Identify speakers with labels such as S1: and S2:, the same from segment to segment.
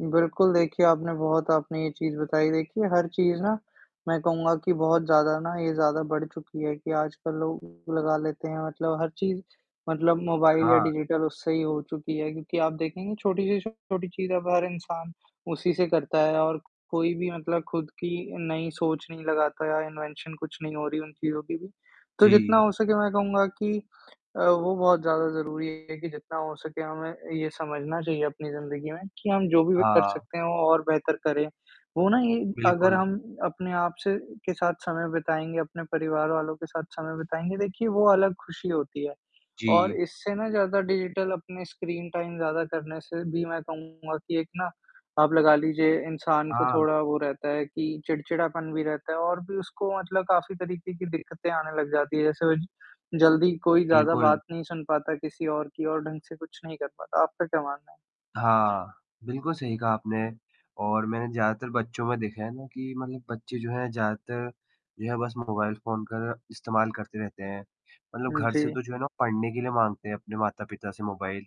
S1: बिल्कुल, देखिए आपने बहुत आपने ये चीज़ बताई, देखिए हर चीज़ ना मैं कहूँगा कि बहुत ज़्यादा ना ये ज़्यादा बढ़ चुकी है कि आजकल लोग लगा लेते हैं, मतलब हर चीज़ मतलब मोबाइल या
S2: हाँ।
S1: डिजिटल उससे ही हो चुकी है क्योंकि आप देखेंगे छोटी से छोटी चीज़ अब हर इंसान उसी से करता है और कोई भी मतलब खुद की नई सोच नहीं लगाता है या इन्वेंशन कुछ नहीं हो रही है उन चीज़ों की भी, तो जितना
S2: जी।
S1: हो सके मैं कहूँगा कि अ, वो बहुत ज़्यादा ज़रूरी है कि जितना हो सके हमें ये समझना चाहिए अपनी ज़िंदगी में कि हम जो भी कर
S2: हाँ।
S1: सकते हैं वो और बेहतर करें, वो ना ये अगर
S2: बिल्कुल।
S1: हम अपने आप से के साथ समय बिताएँगे, अपने परिवार वालों के साथ समय बिताएँगे, देखिए वो अलग ख़ुशी होती है और
S2: जी।
S1: इससे ना ज़्यादा डिजिटल अपनी स्क्रीन टाइम ज़्यादा करने से भी मैं कहूँगा कि एक ना आप लगा लीजिए इंसान को
S2: हाँ।
S1: थोड़ा वो रहता है कि चिड़चिड़ापन भी रहता है और भी उसको मतलब काफ़ी तरीके की दिक्कतें आने लग जाती हैं, जैसे वह ज जल्दी कोई ज़्यादा बात
S2: बिल्कुल।
S1: नहीं सुन पाता किसी और की और ढंग से कुछ नहीं कर पाता। आपका क्या मानना है?
S2: हाँ, बिल्कुल सही कहा आपने और मैंने ज़्यादातर बच्चों में देखा है ना कि मतलब बच्चे जो हैं ज़्यादातर जो है बस मोबाइल फ़ोन का इस्तेमाल करते रहते हैं, मतलब
S1: हूँ,
S2: घर से
S1: जी।
S2: तो जो है ना पढ़ने के लिए माँगते हैं अपने माता-पिता से मोबाइल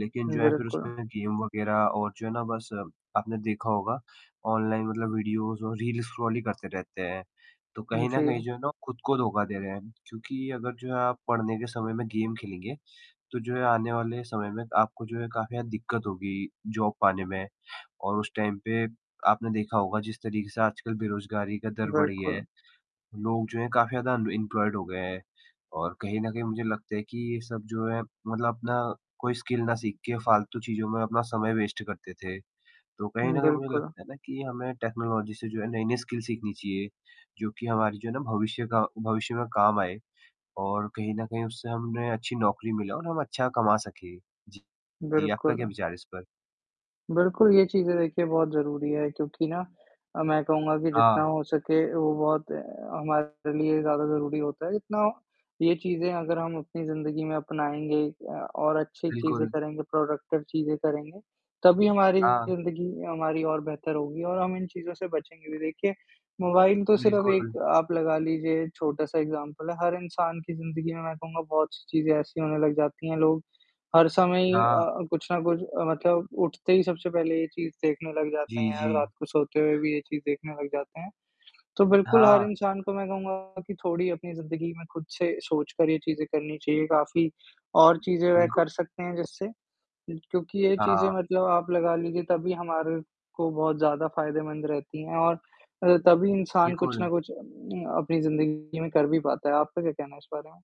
S2: लेकिन जो है फ़िर
S1: बिल्कुल।
S2: उसमें गेम वगैरह और जो है ना बस आपने देखा होगा ऑनलाइन मतलब वीडियोज़ और रील्स स्क्रॉल ही करते रहते हैं, तो
S1: हुँ,
S2: कहीं न कहीं
S1: जी।
S2: जो है ना वो खुद को धोखा दे रहे हैं क्योंकि अगर जो है आप पढ़ने के समय में गेम खेलेंगे तो जो है आने वाले समय में आपको जो है काफ़ी ना दिक्कत होगी जॉब पाने में और उस टाइम पे आपने देखा होगा जिस तरीके से आजकल बेरोज़गारी का दर बढ़ गया है,
S1: बिल्कुल।
S2: लोग जो हैं काफ़ी ज़्यादा अनएम्प्लॉयड हो गए हैं, और कहीं न कहीं मुझे लगता है कि ये सब जो है मतलब अपना कोई स्किल ना सीख के फ़ालतू चीज़ों में अपना समय वेस्ट करते थे, तो कहीं
S1: हुँ,
S2: न कहीं मुझे
S1: बिल्कुल।
S2: लगता है ना कि हमें टेक्नोलॉजी से जो है नए-नए स्किल सीखनी चाहिए, जो कि हमारी जो है ना भविष्य का भविष्य में काम आए और कहीं न कहीं उससे हमने अच्छी नौकरी मिले और हम अच्छा कमा सके। जी। जी, आपका क्या
S1: बिल्कुल।
S2: विचार है इस पर?
S1: बिल्कुल, ये चीज़ें देखिए बहुत ज़रूरी हैं क्योंकि ना अ, मैं कहूँगा कि जितना
S2: हाँ।
S1: हो सके वो बहुत हमारे लिए ज़्यादा ज़रूरी होता है, इतना ये चीज़ें अगर हम अपनी ज़िंदगी में अपनाएँगे अ, और अच्छी चीज़ें
S2: बिल्कुल।
S1: करेंगे, प्रोडक्टिव चीज़ें करेंगे, तभी हमारी
S2: हाँ।
S1: ज़िंदगी हमारी और बेहतर होगी और हम इन चीज़ों से बचेंगे भी। देखिए मोबाइल तो सिर्फ़ एक
S2: बिल्कुल।
S1: आप लगा लीजिए छोटा-सा एक्ज़ाम्पल है, हर इंसान की ज़िंदगी में मैं कहूँगा बहुत सी चीज़ें ऐसी होने लग जाती हैं, लोग हर समय ही अ
S2: हाँ।
S1: अ, कुछ ना कुछ मतलब अ, उठते ही सबसे पहले ये चीज़ देखने लग जाते हैं
S2: जी,
S1: या रात
S2: जी।
S1: को सोते हुए भी ये चीज़ देखने लग जाते हैं, तो बिल्कुल हर
S2: हाँ।
S1: इंसान को मैं कहूँगा कि थोड़ी अपनी ज़िंदगी में खुद से सोचकर ये चीज़ें करनी चाहिए, काफ़ी और चीज़ें वह
S2: बिल्कुल।
S1: कर सकते हैं जिससे क्योंकि ये चीज़ें
S2: हाँ।
S1: मतलब आप लगा लीजिए तभी हमारे को बहुत ज़्यादा फ़ायदेमंद रहती हैं और अ, तभी इंसान कुछ
S2: बिल्कुल।
S1: ना कुछ अ, अपनी ज़िंदगी में कर भी पाता है। आपका क्या कहना है इस बारे में?